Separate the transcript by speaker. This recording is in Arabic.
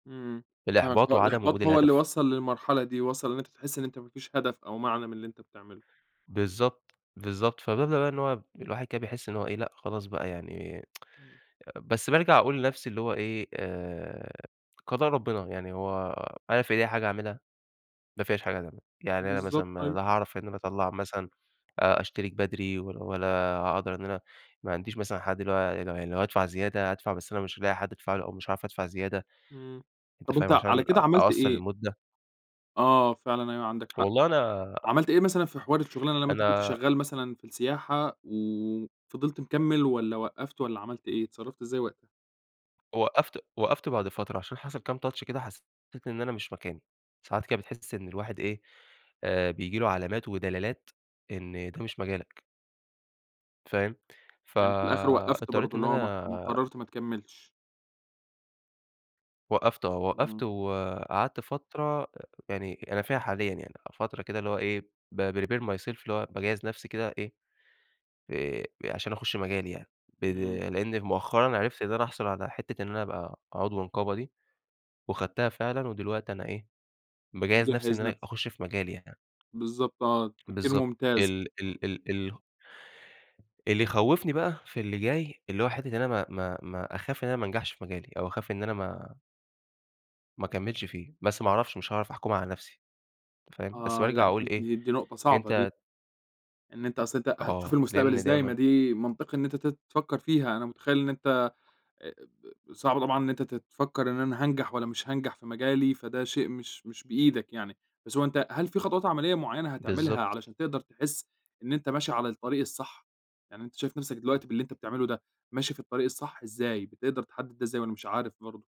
Speaker 1: إمم آه،
Speaker 2: الإحباط وعدم وجود
Speaker 1: فالإحباط هو اللي
Speaker 2: الهدف.
Speaker 1: وصّل للمرحلة دي، وصّل إن أنت تحس إن أنت ما فيش هدف أو معنى من اللي أنت بتعمله.
Speaker 2: بالضبط، بالضبط، فبدأ بقى إن هو الواحد كده بيحس إن هو إيه، لأ، خلاص بقى يعني
Speaker 1: إمم.
Speaker 2: آآ، بس بارجع أقول لنفسي اللي هو إيه، آآ، قضاء ربنا يعني، هو أنا في إيدي حاجة أعملها؟ ما فيش حاجة [unintelligible] يعني أنا
Speaker 1: بالضبط،
Speaker 2: مثلًا
Speaker 1: أيوه.
Speaker 2: لا هاعرف إن أنا أطلع مثلًا آآ، أشترك بدري، ولا ولا هاقدر إن أنا ما عنديش مثلًا حد، اللي هو يعني لو يعني لو هادفع زيادة، أدفع، بس أنا مش هالاقي حد أدفع له، أو مش هاعرف أدفع زيادة،
Speaker 1: إمم،
Speaker 2: أنت
Speaker 1: طب
Speaker 2: فاهم؟
Speaker 1: أنت على
Speaker 2: عشان
Speaker 1: كده
Speaker 2: أ
Speaker 1: عملت
Speaker 2: أقصّر
Speaker 1: إيه؟
Speaker 2: المدة.
Speaker 1: آه فعلًا أيوه عندك حق.
Speaker 2: والله أنا
Speaker 1: عملت إيه مثلًا في حوار الشغلانة لما أنت كنت
Speaker 2: أنا
Speaker 1: شغال مثلًا في السياحة وفضلت مكمل، والّا وقّفت والّا عملت إيه، اتصرفت إزاي وقتها؟
Speaker 2: وقّفت وقّفت بعد فترة، عشان حصل كام touch كده، حسيت إن أنا مش مكاني، ساعات كده بتحس إن الواحد إيه، آآ بييجي له علامات ودلالات إن ده مش مجالك. فاهم؟
Speaker 1: يعني في الآخر وقّفت
Speaker 2: فاضطريت
Speaker 1: برضه،
Speaker 2: إن
Speaker 1: اللي هو ما
Speaker 2: أنا
Speaker 1: ما قررت ما تكملش.
Speaker 2: وقّفته آه، وقّفت
Speaker 1: إمم.
Speaker 2: وقعدت فترة يعني أنا فيها حاليًا، يعني فترة كده اللي هو إيه، بprepare myself، اللي هو باجهز نفسي كده إيه، آآ عشان أخش مجالي يعني، ب
Speaker 1: إمم.
Speaker 2: لإني مؤخرًا عرفت إن أنا أحصل على حتة إن أنا أبقى عضو نقابة دي، وخدتها فعلًا، ودلوقتي أنا إيه، باجهز نفسي إن
Speaker 1: يجهز
Speaker 2: أنا
Speaker 1: نفسه.
Speaker 2: أخش في مجالي يعني.
Speaker 1: بالضبط آه، تفكير
Speaker 2: بالضبط
Speaker 1: ممتاز.
Speaker 2: ال ال ال ال اللي يخوفني بقى في اللي جاي، اللي هو حتة إن أنا ما ما ما أخاف إن أنا ما انجحش في مجالي، أو أخاف إن أنا ما ما اكملش فيه، بس ما اعرفش، مش هاعرف أحكم على نفسي، فاهم؟ بس
Speaker 1: آه،
Speaker 2: بارجع
Speaker 1: لأ
Speaker 2: أقول
Speaker 1: دي
Speaker 2: إيه
Speaker 1: دي دي نقطة صعبة دي.
Speaker 2: أنت
Speaker 1: إن أنت أصل أنت هتشوف
Speaker 2: آه،
Speaker 1: المستقبل
Speaker 2: لأن
Speaker 1: إزاي، ما
Speaker 2: دايمًا
Speaker 1: دي منطقي إن أنت ت تفكر فيها، أنا متخيل إن أنت، آآ، آآ، آآ، صعب طبعًا إن أنت ت تفكر إن أنا هانجح والّا مش هانجح في مجالي، فده شيء مش مش بإيدك يعني، بس هو أنت هل في خطوات عملية معينة هتعملها،
Speaker 2: بالضبط.
Speaker 1: علشان تقدر تحس إن أنت ماشي على الطريق الصح؟ يعني أنت شايف نفسك دلوقتي، باللي أنت بتعمله ده، ماشي في الطريق الصح، إزاي بتقدر تحدد، إزاي، والّا مش عارف برضه؟